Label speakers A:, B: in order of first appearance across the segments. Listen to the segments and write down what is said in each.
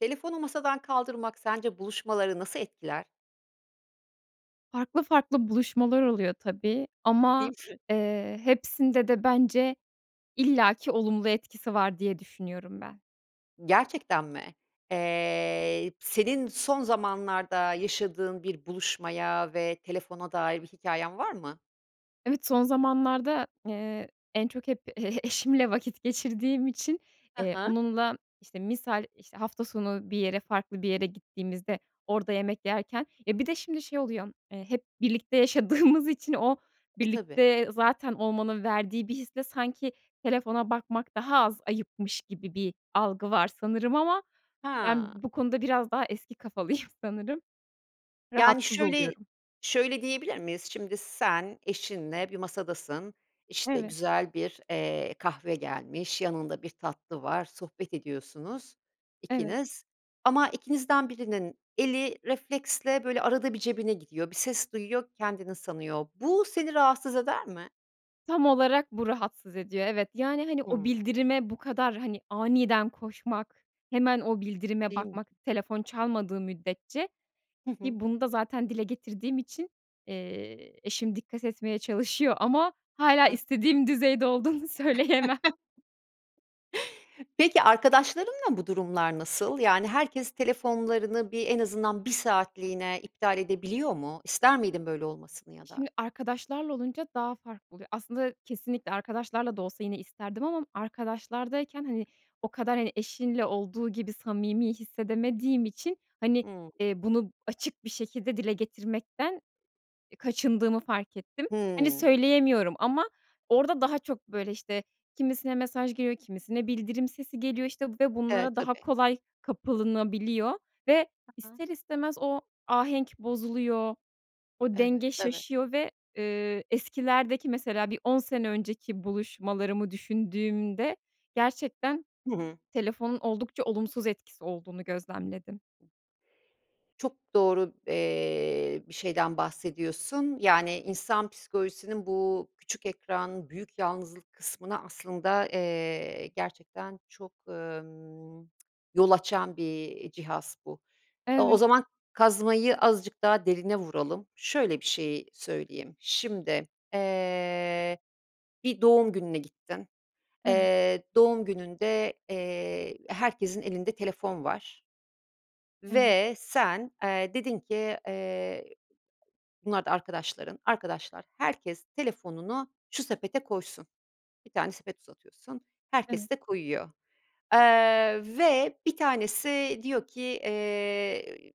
A: Telefonu masadan kaldırmak sence buluşmaları nasıl etkiler?
B: Farklı farklı buluşmalar oluyor tabii ama,
A: Değil mi?
B: eee, hepsinde de bence illaki olumlu etkisi var diye düşünüyorum ben.
A: Gerçekten mi? Eee, senin son zamanlarda yaşadığın bir buluşmaya ve telefona dair bir hikâyen var mı?
B: Evet, son zamanlarda, eee, en çok hep e e eşimle vakit geçirdiğim için,
A: Hı
B: eee,
A: hı.
B: onunla işte misal, işte, hafta sonu bir yere, farklı bir yere gittiğimizde orada yemek yerken E, bir de şimdi şey oluyor, eee, hep birlikte yaşadığımız için o
A: E, tabii.
B: birlikte zaten olmanın verdiği bir hisle sanki telefona bakmak daha az ayıpmış gibi bir algı var sanırım. Ama ben
A: Ha.
B: bu konuda biraz daha eski kafalıyım sanırım.
A: Yani,
B: Rahatsız
A: şöyle
B: oluyorum.
A: şöyle diyebilir miyiz? Şimdi sen eşinle bir masadasın, işte
B: Evet.
A: güzel bir, eee, kahve gelmiş, yanında bir tatlı var. Sohbet ediyorsunuz
B: Evet.
A: ikiniz ama ikinizden birinin eli refleksle böyle arada bir cebine gidiyor, bir ses duyuyor, kendinin sanıyor. Bu seni rahatsız eder mi?
B: Tam olarak bu rahatsız ediyor, evet. Yani, hani, o
A: Hıı.
B: bildirime bu kadar, hani, aniden koşmak, hemen o bildirime
A: Değil mi?
B: bakmak telefon çalmadığı müddetçe
A: Hı hı.
B: ki bunu da, zaten, dile getirdiğim için, eee, eşim dikkat etmeye çalışıyor ama hâlâ
A: A!
B: istediğim düzeyde olduğunu söyleyemem.
A: Peki, arkadaşlarınla bu durumlar nasıl? Yani herkes telefonlarını bir en azından 1 saatliğine iptal edebiliyor mu? İster miydin böyle olmasını ya da?
B: Şimdi, arkadaşlarla olunca daha farklı oluyor. Aslında, kesinlikle arkadaşlarla da olsa yine isterdim ama arkadaşlardayken, hani, o kadar, hani, eşinle olduğu gibi samimi hissedemediğim için, hani,
A: Hıı.
B: eee, bunu açık bir şekilde dile getirmekten e, kaçındığımı fark ettim. Hani,
A: Hımm.
B: söyleyemiyorum ama orada daha çok böyle, işte, kimisine mesaj geliyor, kimisine bildirim sesi geliyor, işte, ve
A: E,
B: bunlara daha
A: tabii.
B: kolay kapılınabiliyor ve
A: [unintelligible]
B: ister istemez o ahenk bozuluyor, o
A: Evet.
B: denge
A: Evet.
B: şaşıyor ve, ııı, eskilerdeki, mesela, bir 10 sene önceki buluşmalarımı düşündüğümde, gerçekten
A: Hı hı.
B: telefonun oldukça olumsuz etkisi olduğunu gözlemledim.
A: Çok doğru, eee, bir şeyden bahsediyorsun. Yani, insan psikolojisinin bu küçük ekran büyük yalnızlık kısmına aslında, eee, gerçekten çok, ımm, yol açan bir, iii, cihaz bu. Iıı, o
B: Evet.
A: zaman kazmayı azıcık daha derine vuralım. Şöyle bir şey söyleyeyim: Şimdi, eee, bir doğum gününe gittin.
B: Evet.
A: Eee, doğum gününde, eee, herkesin elinde telefon var
B: Evet.
A: ve sen, eee, dedin ki, eee, bunlar da arkadaşların, arkadaşlar herkes telefonunu şu sepete koysun. 1 tane sepet uzatıyorsun,
B: Evet.
A: herkes de koyuyor. Eee, ve 1 tanesi diyor ki, eee,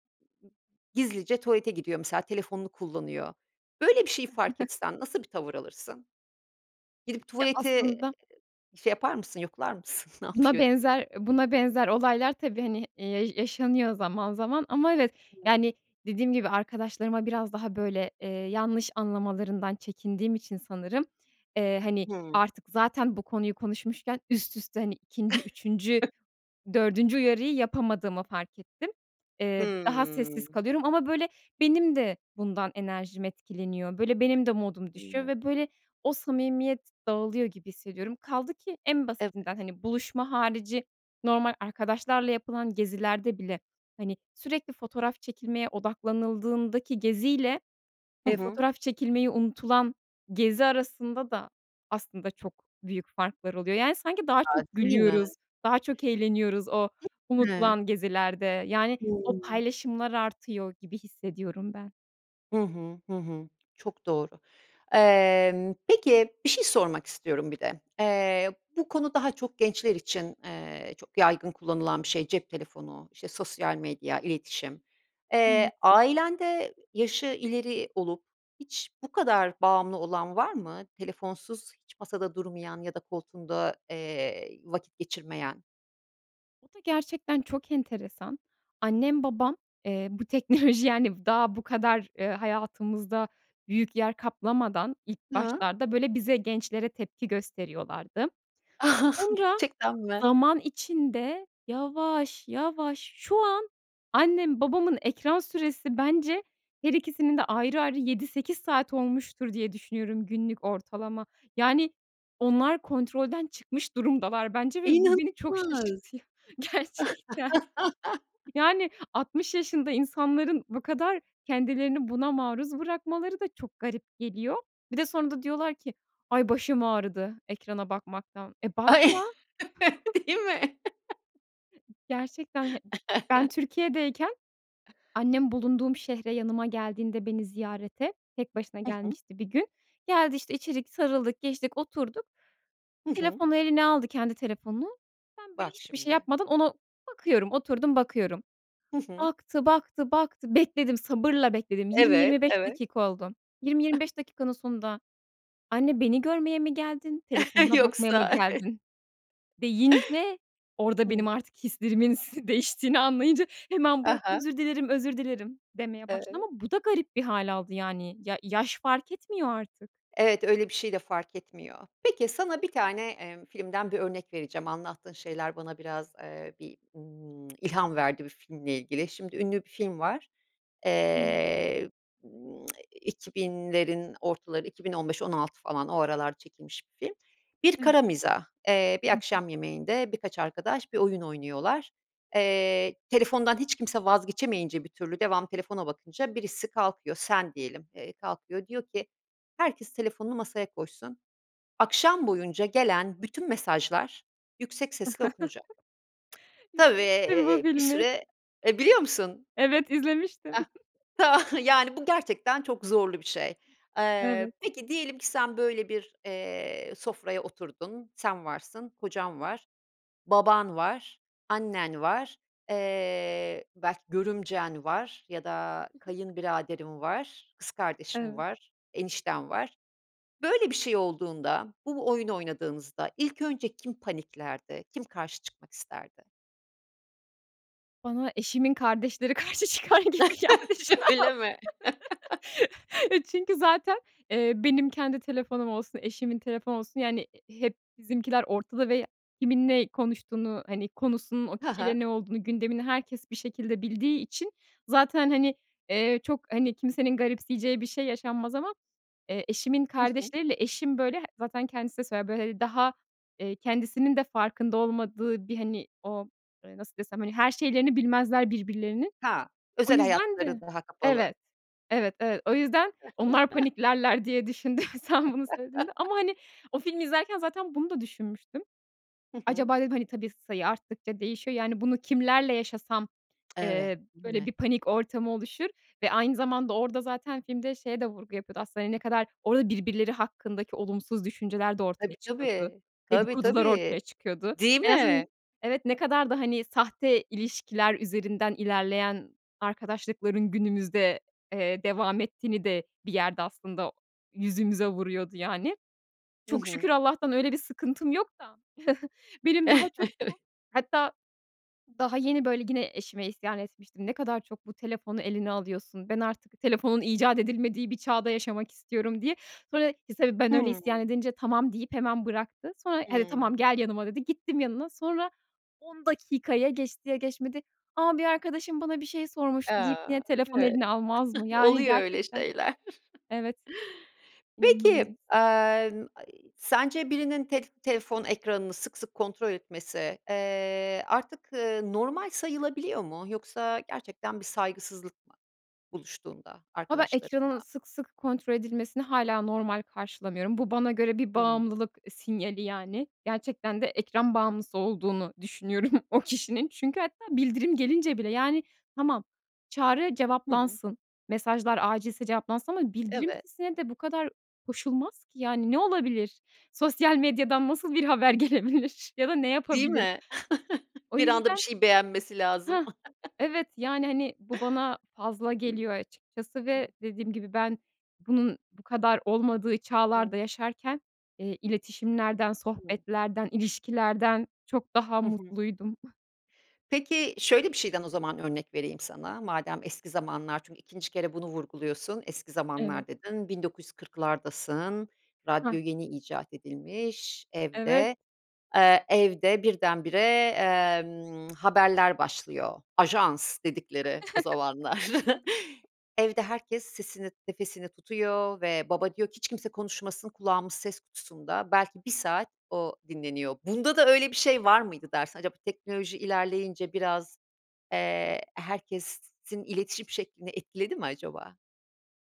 A: gizlice tuvalete gidiyor mesela, telefonunu kullanıyor. Böyle bir şey fark etsen nasıl bir tavır alırsın? Gidip
B: Ya
A: tuvaleti
B: aslında
A: şey yapar mısın, yoklar mısın, ne
B: Buna
A: yapıyor diye.
B: benzer eee, buna benzer olaylar tabii, hani, eee, yaşanıyor zaman zaman ama evet,
A: [unintelligible]
B: yani, dediğim gibi, arkadaşlarıma biraz daha böyle, eee, yanlış anlamalarından çekindiğim için sanırım, eee, hani,
A: Hıı.
B: artık zaten bu konuyu konuşmuşken üst üste, hani, 2'nci, 3'üncü, 4'üncü uyarıyı yapamadığımı fark ettim. Eee, daha
A: Hıı.
B: sessiz kalıyorum ama böyle benim de bundan enerjim etkileniyor, böyle benim de modum düşüyor
A: Öyle.
B: ve böyle o samimiyet dağılıyor gibi hissediyorum. Kaldı ki en
A: Evet.
B: basitinden, hani, buluşma harici normal arkadaşlarla yapılan gezilerde bile, hani, sürekli fotoğraf çekilmeye odaklanıldığındaki geziyle,
A: Hı
B: eee,
A: hı.
B: fotoğraf çekilmeyi unutulan gezi arasında da aslında çok büyük farklar oluyor. Yani, sanki daha
A: A,
B: çok
A: değil mi?
B: gülüyoruz, daha çok eğleniyoruz o
A: [unintelligible]
B: unutulan gezilerde. Yani, o
A: Hıı.
B: paylaşımlar artıyor gibi hissediyorum ben.
A: Hı hı, hı hı. Çok doğru. Emm, peki bir şey sormak istiyorum, bir de, eee, bu konu daha çok gençler için, eee, çok yaygın kullanılan bir şey; cep telefonu, işte, sosyal medya, iletişim.
B: Hımm.
A: Eee, ailende yaşı ileri olup hiç bu kadar bağımlı olan var mı? Telefonsuz hiç masada durmayan ya da koltuğunda, eee, vakit geçirmeyen?
B: O da gerçekten çok enteresan. Annem, babam, eee, bu teknoloji, yani, v daha bu kadar, eee, hayatımızda büyük yer kaplamadan ilk
A: Hıı.
B: başlarda, böyle, bize gençlere tepki gösteriyorlardı. Sonra
A: Gerçekten mi?
B: zaman içinde yavaş yavaş şu an annem babamın ekran süresi bence, her ikisinin de ayrı ayrı 7-8 saat olmuştur, diye düşünüyorum günlük ortalama. Yani, onlar kontrolden çıkmış durumdalar bence ve bu beni çok
A: İnanılmaz.
B: şaşırtıyor gerçekten. Yani, 60 yaşında insanların bu kadar kendilerini buna maruz bırakmaları da çok garip geliyor. Bir de sonra da diyorlar ki, "Ay, başım ağrıdı ekrana bakmaktan." E,
A: Ay,
B: bakma.
A: değil mi?
B: Gerçekten, he ben Türkiye'deyken annem bulunduğum şehre yanıma geldiğinde beni ziyarete tek başına
A: Hı hı.
B: gelmişti bir gün. Geldi işte içeri, sarıldık, geçtik oturduk.
A: Hı hı.
B: Telefonu eline aldı kendi telefonunu, ben böyle
A: Bak
B: hiçbir şey
A: şimdi.
B: yapmadan ona bakıyorum, oturdum bakıyorum.
A: Hı hı.
B: Baktı, baktı, baktı, bekledim sabırla bekledim, yirmi
A: Evet,
B: yirmi beş
A: evet.
B: dakika oldu. 20-25 dakikanın sonunda, "Anne beni görmeye mi geldin, telefonuna bakmaya mı
A: Yoksa.
B: geldin?" deyince orada
A: Hıı.
B: benim artık hislerimin s değiştiğini anlayınca hemen
A: Ha
B: bıraktı,
A: ha.
B: “Özür dilerim, özür dilerim.“ demeye başladı
A: Evet.
B: ama bu da garip bir hâl aldı yani. Ya, yaş fark etmiyor artık.
A: Evet, öyle bir şey de fark etmiyor. Peki, sana 1 tane, emm, filmden 1 örnek vereceğim anlattığın şeyler bana biraz, eee, bir, ımm, ilham verdi bir filmle ilgili. Şimdi ünlü bir film var.
B: Hımm.
A: Eee, ımm 2000'lerin ortaları, 2015-2016 falan o aralar çekilmiş bir film. Bir
B: Evet.
A: kara mizah. Eee, bir
B: Hı hı.
A: akşam yemeğinde birkaç arkadaş bir oyun oynuyorlar. Eee, telefondan hiç kimse vazgeçemeyince bir türlü, devamlı telefona bakınca birisi kalkıyor, sen diyelim, eee, kalkıyor diyor ki herkes telefonunu masaya koysun, akşam boyunca gelen bütün mesajlar yüksek sesle okunacak. Tabii,
B: İzlemiştim bu
A: eee, bir
B: filmi.
A: süre Eee biliyor musun?
B: Evet izlemiştim.
A: Hah, tamam, yani bu gerçekten çok zorlu bir şey. Eee,
B: Evet.
A: peki diyelim ki sen böyle bir, eee, sofraya oturdun, sen varsın, kocan var, baban var, annen var, eee, belki görümcen var ya da kayınbiraderin var, kız kardeşin
B: Evet.
A: var, enişten var. Böyle bir şey olduğunda bu bu oyunu oynadığınızda ilk önce kim paniklerdi? Kim karşı çıkmak isterdi?
B: Bana eşimin kardeşleri karşı çıkar gibi geldi şu an.
A: Öyle mi?
B: E, çünkü zaten, eee, benim kendi telefonum olsun, eşimin telefon olsun, yani i hep bizimkiler ortada ve kimin ne konuştuğunu, hani, konusunun o
A: Ha ha.
B: kişiyle ne olduğunu gündemini herkes bir şekilde bildiği için zaten, hani, eee, çok, hani, kimsenin garipseyeceği bir şey yaşanmaz. Ama, eee, eşimin
A: Hı hı.
B: kardeşleriyle eşim böyle zaten kendisi de söyler böyle, hani, daha, eee, kendisinin de farkında olmadığı bir, hani, o, eee, nasıl desem, hani her şeylerini bilmezler birbirlerinin.
A: Ha.
B: O
A: Özel
B: yüzden
A: hayatları
B: de
A: daha kapalı.
B: Evet. Evet, evet. O yüzden onlar paniklerler diye düşündüm sen bunu söylediğinde. Ama, hani, o filmi izlerken zaten bunu da düşünmüştüm.
A: Hı hı.
B: Acaba dedim, hani, tabii sayı arttıkça değişiyor, yani, bunu kimlerle yaşasam,
A: Evet,
B: eee,
A: değil
B: böyle bir
A: mi?
B: panik ortamı oluşur ve aynı zamanda orada zaten filmde şeye de vurgu yapıyordu. Aslında, hani, ne kadar orada birbirleri hakkındaki olumsuz düşünceler de ortaya
A: Tabii
B: çıkıyordu,
A: tabii. Tabii
B: dedikodular
A: tabii.
B: ortaya çıkıyordu.
A: Değil
B: En
A: mi?
B: azın Evet, ne kadar da, hani, sahte ilişkiler üzerinden ilerleyen arkadaşlıkların günümüzde, eee, devam ettiğini de bir yerde aslında yüzümüze vuruyordu yani.
A: Hı
B: Çok
A: hı.
B: şükür Allah'tan öyle bir sıkıntım yok da. Benim daha
A: Evet.
B: çok bu, hatta daha yeni böyle gine eşime isyan etmiştim, ne kadar çok bu telefonu eline alıyorsun, ben artık telefonun icat edilmediği bir çağda yaşamak istiyorum diye. Sonra [unintelligible] tabii ben öyle isyan
A: Hımm.
B: edince tamam deyip hemen bıraktı. Sonra “Hadi tamam
A: Hımm.
B: gel yanıma.“ dedi, gittim yanına, sonra 10 dakika ya geçti ya geçmedi. A, bir arkadaşım bana bir şey sormuştu
A: A,
B: deyip yine telefon
A: evet
B: eline almaz mı? Yani,
A: oluyor öyle
B: gerçekten
A: şeyler.
B: Evet.
A: Peki,
B: İnanılmaz.
A: emm, ay, sence birinin telf telefon ekranını sık sık kontrol etmesi, eee, artık normal sayılabiliyor mu? Yoksa gerçekten bir saygısızlık mı buluştuğunda
B: Ha, ben
A: arkadaşlarınla?
B: ekranın sık sık kontrol edilmesini hâlâ normal karşılamıyorum. Bu bana göre bir
A: Hımm.
B: bağımlılık, eee, sinyali, yani. Gerçekten de ekran bağımlısı olduğunu düşünüyorum o kişinin. Çünkü hatta bildirim gelince bile. Yani tamam, çağrı
A: Hı hı.
B: cevaplansın, mesajlar acilse cevaplansın ama bildirim
A: Evet.
B: sesine de bu kadar koşulmaz ki. Yani ne olabilir? Sosyal medyadan nasıl bir haber gelebilir ya da ne
A: Değil
B: yapabilirim?
A: mi?
B: O
A: Bir anda bir
B: yüzden
A: şeyi beğenmesi lazım.
B: Hah, evet. Yani, hani, bu bana fazla geliyor açıkçası ve
A: [unintelligible]
B: dediğim gibi ben bunun bu kadar olmadığı
A: Hıı.
B: çağlarda yaşarken, eee, iletişimlerden
A: [unintelligible]
B: sohbetlerden, ilişkilerden çok daha
A: Hı hı.
B: mutluydum.
A: Peki, şöyle bir şeyden o zaman örnek vereyim sana, madem eski zamanlar çünkü 2'nci kere bunu vurguluyorsun. Eski
B: Evet.
A: zamanlar dedin, 1940'dasın
B: Hah.
A: radyo yeni icat edilmiş
B: Evet.
A: evde. Evde, eee, evde birdenbire, emm, haberler başlıyor. Ajans dedikleri o zamanlar. Evde herkes sesini, nefesini tutuyor ve baba diyor ki "Hiç kimse konuşmasın." Kulağımız ses kutusunda belki 1 saat o dinleniyor. Bunda da öyle bir şey var mıydı dersin? Acaba teknoloji ilerleyince biraz, eee, herkesin iletişim şeklini etkiledi mi acaba?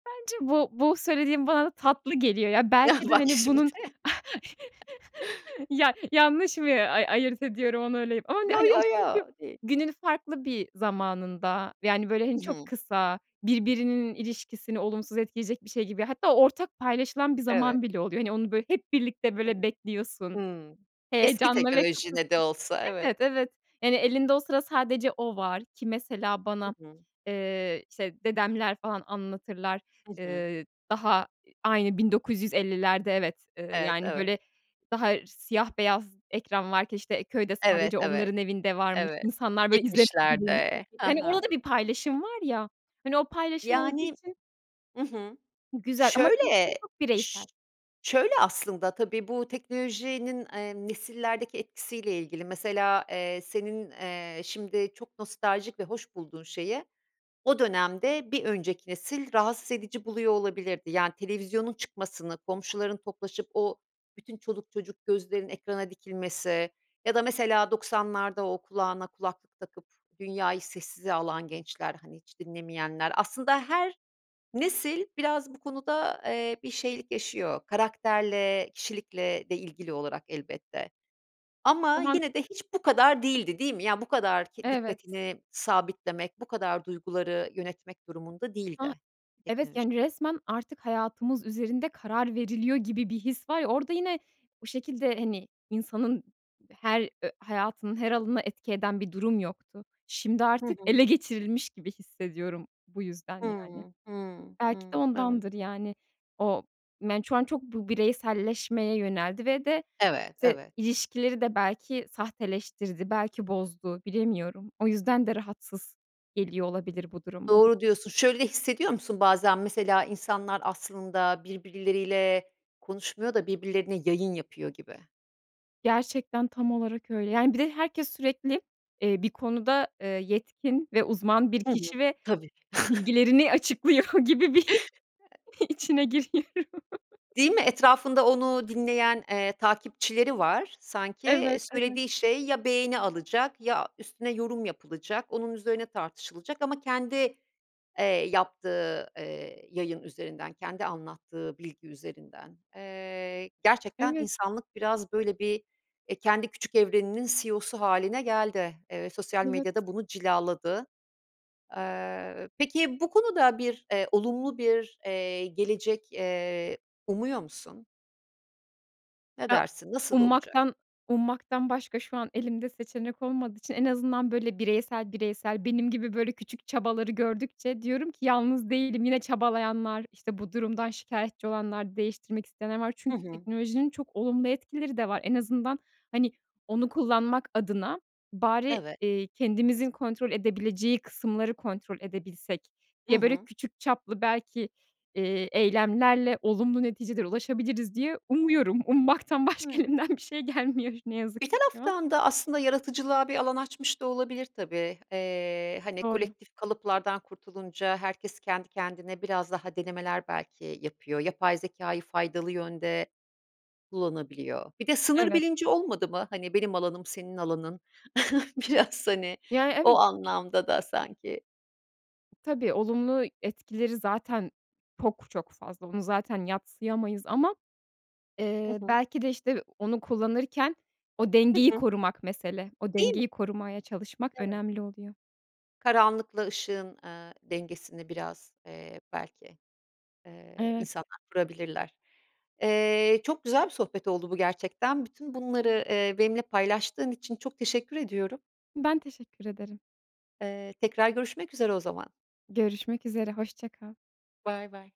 B: Bence bu bu söylediğin bana da tatlı geliyor. Ya
A: Ya,
B: belki de,
A: bak
B: hani,
A: şimdi.
B: bunun ya yanlış mı ay ayırt ediyorum onu öyle ama,
A: Yo,
B: hani, o
A: yo, yo,
B: çünkü
A: değil.
B: günün farklı bir zamanında, yani, böyle, hani,
A: I
B: çok
A: hı.
B: kısa, birbirinin ilişkisini olumsuz etkileyecek bir şey gibi hatta ortak paylaşılan bir
A: Evet.
B: zaman bile oluyor. Hani, onu, böyle, hep birlikte, böyle,
A: Hımm.
B: bekliyorsun,
A: Hımm. Eski
B: heyecanla ve
A: teknoloji
B: kısa
A: ne de
B: sü
A: olsa, evet.
B: Evet, evet. Yani, elinde o sıra sadece o var. Ki mesela
A: Hı
B: bana,
A: hı.
B: eee, işte, dedemler falan anlatırlar,
A: Hı hı.
B: eee, daha i aynı 1950'lerde evet, eee,
A: Evet,
B: yani,
A: tabii.
B: böyle, daha siyah beyaz ekran varken, işte, eee, köyde
A: Evet,
B: sadece
A: evet.
B: onların evinde varmış.
A: Evet.
B: İnsanlar, böyle, izle [unintelligible]
A: 70'lerde. Ha
B: Hani,
A: ha.
B: orada bir paylaşım var ya. Hani, o paylaşım olduğu
A: Yani
B: için
A: I hı.
B: Güzel ama
A: Şöyle
B: telefon çok
A: ş
B: bireysel.
A: şöyle aslında tabii bu teknolojinin, eee, nesillerdeki etkisiyle ilgili mesela, eee, senin, eee, şimdi çok nostaljik ve hoş bulduğun şeyi o dönemde bir önceki nesil rahatsız edici buluyor olabilirdi. Yani, televizyonun çıkmasını, komşuların toplaşıp o bütün çoluk çocuk gözlerin ekrana dikilmesi ya da mesela 90'larda o kulağına kulaklık takıp dünyayı sessize alan gençler, hani hiç dinlemeyenler. Aslında her nesil biraz bu konuda, eee, bir şeylik yaşıyor. Karakterle, kişilikle de ilgili olarak elbette. Ama
B: Tamam
A: yine de hiç bu kadar değildi, değil mi? Ya, bu kadar k
B: Evet.
A: dikkatini sabitlemek, bu kadar duyguları yönetmek durumunda
B: A!
A: değildi
B: Evet,
A: teknoloji.
B: yani, resmen artık hayatımız üzerinde karar veriliyor gibi bir his var ya, orada yine o şekilde, hani, insanın her ö hayatının her alanına etki eden bir durum yoktu. Şimdi
A: Hı
B: artık
A: hı.
B: ele geçirilmiş gibi hissediyorum. Bu yüzden yani.
A: Hımm, hımm,
B: Belki de
A: ımm. Evet.
B: ondandır, yani. O men şu an çok bu bireyselleşmeye yöneldi ve de
A: Evet,
B: se
A: evet.
B: ilişkileri de belki sahteleştirdi, belki bozdu, bilemiyorum. O yüzden de rahatsız geliyor olabilir bu durum bana.
A: Doğru diyorsun. Şöyle de hissediyor musun bazen mesela insanlar aslında birbirleriyle konuşmuyor da birbirlerine yayın yapıyor gibi?
B: Gerçekten tam olarak öyle. Yani bir de herkes sürekli, eee, bir konuda, eee, yetkin ve uzman bir
A: Hı hı,
B: kişi ve
A: tabii.
B: bilgilerini açıklıyor gibi bir içine giriyorum.
A: Değil mi, etrafında onu dinleyen, eee, takipçileri var sanki. Eee,
B: Evet, evet.
A: söylediği şey ya beğeni alacak ya üstüne yorum yapılacak, onun üzerine tartışılacak ama kendi, eee, yaptığı, eee, yayın üzerinden, kendi anlattığı bilgi üzerinden. Eee, gerçekten
B: Evet.
A: insanlık biraz böyle bir, eee, kendi küçük evreninin CEO'su hâline geldi. Eee, sosyal medya
B: Evet.
A: da bunu cilaladı. Eee, peki bu konuda bir, eee, olumlu bir, eee, gelecek, eee, umuyor musun? Ne
B: Ya
A: dersin, nasıl olacak?
B: ummaktan ummaktan başka şu an elimde seçenek olmadığı için en azından böyle bireysel, bireysel benim gibi böyle küçük çabaları gördükçe diyorum ki yalnız değilim, yine çabalayanlar, işte bu durumdan şikâyetçi olanlar, değiştirmek isteyenler var.
A: Hı
B: Çünkü
A: hı.
B: teknolojinin çok olumlu etkileri de var. En azından hani onu kullanmak adına "bari,
A: Evet.
B: eee, kendimizin kontrol edebileceği kısımları kontrol edebilsek"
A: Hı
B: diye böyle
A: hı.
B: küçük çaplı belki, eee, eylemlerle olumlu neticelere ulaşabiliriz diye umuyorum. Ummaktan başka
A: [unintelligible]
B: elimden bir şey gelmiyor ne yazık
A: Bir
B: ki şu an.
A: taraftan da aslında yaratıcılığa bir alan açmış da olabilir tabii. Eee, hani
B: Doğru.
A: kolektif kalıplardan kurtulunca herkes kendi kendine biraz daha denemeler belki yapıyor. Yapay zekâyı faydalı yönde kullanabiliyor. Bir de sınır
B: Evet.
A: bilinci olmadı mı? Hani benim alanım senin alanın biraz hani
B: Yani
A: o
B: evet.
A: anlamda da sanki.
B: Tabii, olumlu etkileri zaten çok çok fazla. Onu zaten yadsıyamayız ama,
A: Hı
B: eee,
A: hı.
B: belki de işte onu kullanırken o
A: Hı
B: dengeyi
A: hı.
B: korumak mesele. O
A: Değil mi?
B: dengeyi korumaya çalışmak
A: Evet.
B: önemli oluyor.
A: Karanlıkla ışığın, eee, dengesini biraz, eee, belki, eee,
B: Evet.
A: insanlar kurabilirler. Eee, çok güzel bir sohbet oldu bu gerçekten. Bütün bunları, eee, benimle paylaştığın için çok teşekkür ediyorum.
B: Ben teşekkür ederim.
A: Eee, tekrar görüşmek üzere o zaman.
B: Görüşmek üzere, hoşça kal.
A: Baybay.